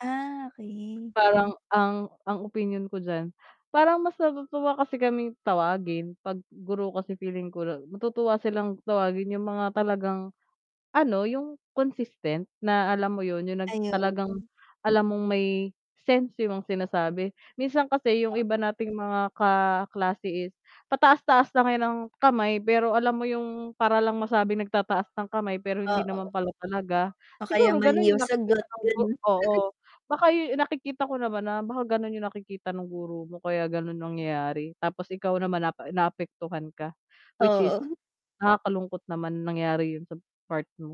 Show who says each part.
Speaker 1: Ah, okay.
Speaker 2: Parang ang, ang opinyon ko diyan, parang mas natutuwa kasi kaming tawagin 'pag guro kasi feeling ko la matutuwa silang tawagin yung mga talagang, ano yung consistent na alam mo 'yun, yung nag
Speaker 1: Ayun.
Speaker 2: talagang alam mong may sense yung sinasabi. Minsan kasi yung
Speaker 1: O
Speaker 2: iba nating mga kaklase is pataas-taas lang yan ng kamay pero alam mo yung para lang masabing nagtataas ng kamay pero hindi
Speaker 1: Oo.
Speaker 2: naman pala talaga.
Speaker 1: O kaya
Speaker 2: Siguro gano'n
Speaker 1: mali yung
Speaker 2: yung nakikita
Speaker 1: sagot,
Speaker 2: nung gu
Speaker 1: gano'n.
Speaker 2: oo, baka yu nakikita ko naman na, baka gano'n yung nakikita nung guro mo kaya gano'n nangyayari, tapos ikaw naman naap naapektuhan ka, which is
Speaker 1: Oo.
Speaker 2: nakakalungkot naman na nangyari 'yun sa part mo.